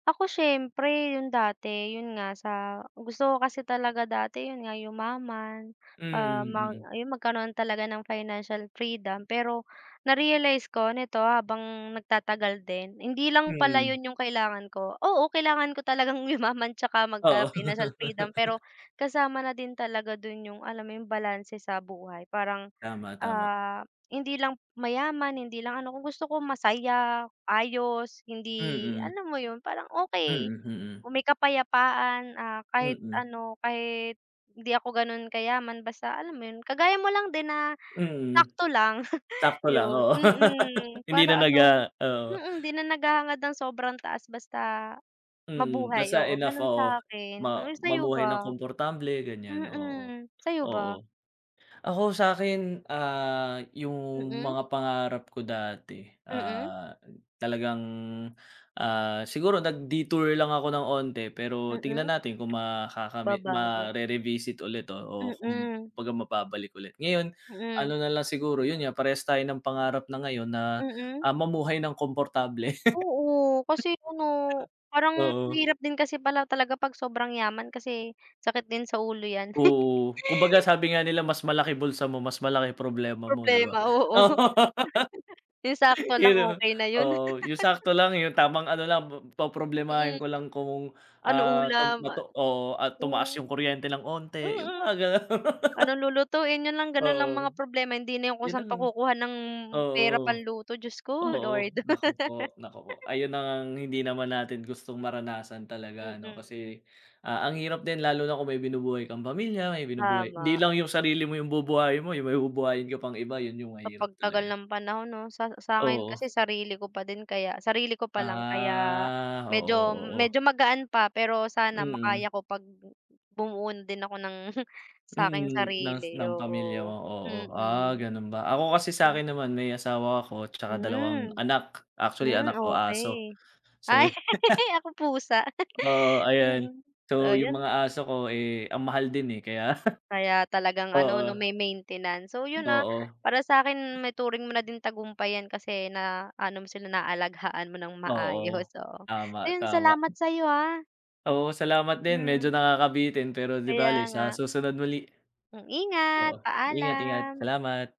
Ako siyempre, yung dati. Yun nga, sa gusto ko kasi talaga dati yun nga yumaman, Hmm, ah, mang mm. yung magkaroon talaga ng financial freedom pero na-realize ko nito habang nagtatagal din, hindi lang pala Mm. yun yung kailangan ko. Oo, kailangan ko talagang yumaman tsaka Oo. magka-financial freedom pero kasama na din talaga dun yung alam mo yung balanse sa buhay parang, Tama, tama. ah, hindi lang mayaman, hindi lang ano, kung gusto ko masaya, ayos, hindi Mm. alam mo yun, parang okey, Mm, mm. may kapayapaan, ah, kahit Mm. ano, kahit hindi ako ganun kayaman basta alam mo yun, kagaya mo lang din na Mm. sakto lang, Sakto lang, yun. oo. Mm, Hindi na para nag, ano ah oo. mm, 'di na naghahangad ng sobrang taas basta Mm, mabuhay. basta Oo, enough, gano'n oo. sa akin. Ma Uy, sa'yo mamuhay ng ba? komportable, ganyan, oo. Mm, sa'yo ba? Oo. Ako sa akin, ah, yung Mm. mga pangarap ko dati, Mm. ah, talagang, ah, siguro nag-detour lang ako ng onte pero tignan Mm. natin kung makakami Babago. mare-revisit ulit, oo. Mm. Kumbaga mababalik ulit. Ngayon, ano Mm. nalang siguro, yun nga, parehas tayo ng pangarap na ngayon na, Mm. ah, mamuhay ng komportable. Oo, kasi ano, parang Oo. mahirap din kasi pala talaga 'pag sobrang yaman kasi sakit din sa ulo yan. Oo. Kumbaga sabi nga nila mas malaki bulsa mo, mas malaki problema mo, 'di ba? Problema, oo. Yung sakto Yun lang, 'no. okey na yun. Oo, yung sakto lang, yung tamang ano lang, po poproblemahin Mm. ko lang kung, Ano ah, tum ulam? matu oo, ah, tumaas Hmm. yung kuryente ng onti, yung Mm. mga gano'n. Ano lulutuin? Yun lang ganun lang mga Oo. problema, hindi na yung kung Yun saan lang. pa kukuha ng pera Oo. pang luto, Diyos ko Oo. Lord. Naku po, naku po. Ayun na ngang hindi naman natin gustong maranasan talaga ano Mm. kasi, ah, ang hirap din lalo na kung may binubuhay kang pamilya, may binubuhay hindi Tama. lang yung sarili mo yung bubuhayin mo, yung may bubuhayin ko pang iba, yun yung Sa mahirap pag tagal talaga. ng panahon 'no, sa sa akin Oo. kasi, sarili ko pa din kaya sarili ko pa lang kaya Ah, oo, medyo oo. medyo magaan pa pero sana Mm. makaya ko 'pag bumuo din ako ng sa akin Mm, ngs sarili, ng pamilya oo. mo, oo. Ah, Mm. ganun ba? Ako kasi sa akin naman may asawa ako tsaka dalawang Hmm, anak. Actually hmm, anak ko aso. okey. So Ay, ako pusa. Oo, ayan. Mm, So, yung ayan. mga aso ko, eh, ang mahal din eh, kaya Kaya talagang ano 'no, oo. may maintenance. So yun, ah, Oo. para sa akin maituring mo na din tagumpay yan kasi na ano mo sila, naalagaan mo ng Oo. maayos, oo. Tama, Ayun, tama. salamat sa 'yo ah. Oo, salamat din. Medyo Mm. nakakabitin pero 'di Kaya bale sa nga. susunod muli. Hmm. Ingat, Oo, ingat, ingat. paalam. Salamat.